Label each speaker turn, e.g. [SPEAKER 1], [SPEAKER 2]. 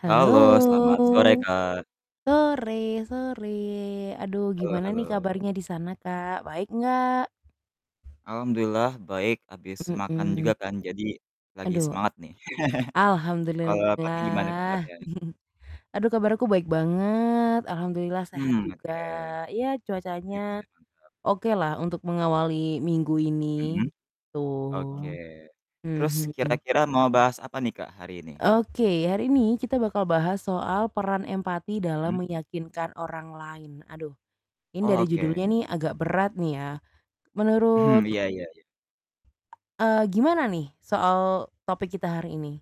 [SPEAKER 1] Halo.
[SPEAKER 2] Halo selamat sore, Kak.
[SPEAKER 1] Sore sore. Aduh
[SPEAKER 2] Halo
[SPEAKER 1] gimana nih
[SPEAKER 2] halo.
[SPEAKER 1] kabarnya di sana, Kak? Baik enggak?
[SPEAKER 2] Alhamdulillah baik, abis makan juga
[SPEAKER 1] Mhm.
[SPEAKER 2] kan jadi lagi
[SPEAKER 1] Aduh
[SPEAKER 2] semangat nih. Kalau Kakak gimana
[SPEAKER 1] alhamdulillah.
[SPEAKER 2] kabarnya?
[SPEAKER 1] Aduh kabar aku baik banget, alhamdulillah sehat
[SPEAKER 2] Mhm.
[SPEAKER 1] juga,
[SPEAKER 2] Oke.
[SPEAKER 1] iya cuacanya
[SPEAKER 2] Iya sih benar.
[SPEAKER 1] okelah untuk mengawali minggu ini,
[SPEAKER 2] Mhm.
[SPEAKER 1] gitu.
[SPEAKER 2] Oke. Terus
[SPEAKER 1] Mhm.
[SPEAKER 2] kira-kira mau bahas apa nih, Kak, hari ini?
[SPEAKER 1] Oke. Hari ini kita bakal bahas soal peran empati
[SPEAKER 2] Hmm.
[SPEAKER 1] dalam meyakinkan orang lain. Aduh ini
[SPEAKER 2] Oh,
[SPEAKER 1] dari judulnya
[SPEAKER 2] oke.
[SPEAKER 1] nih agak berat nih ya.
[SPEAKER 2] Hmm,
[SPEAKER 1] Menurut
[SPEAKER 2] iya iya iya.
[SPEAKER 1] Eee, gimana nih soal topik kita hari ini?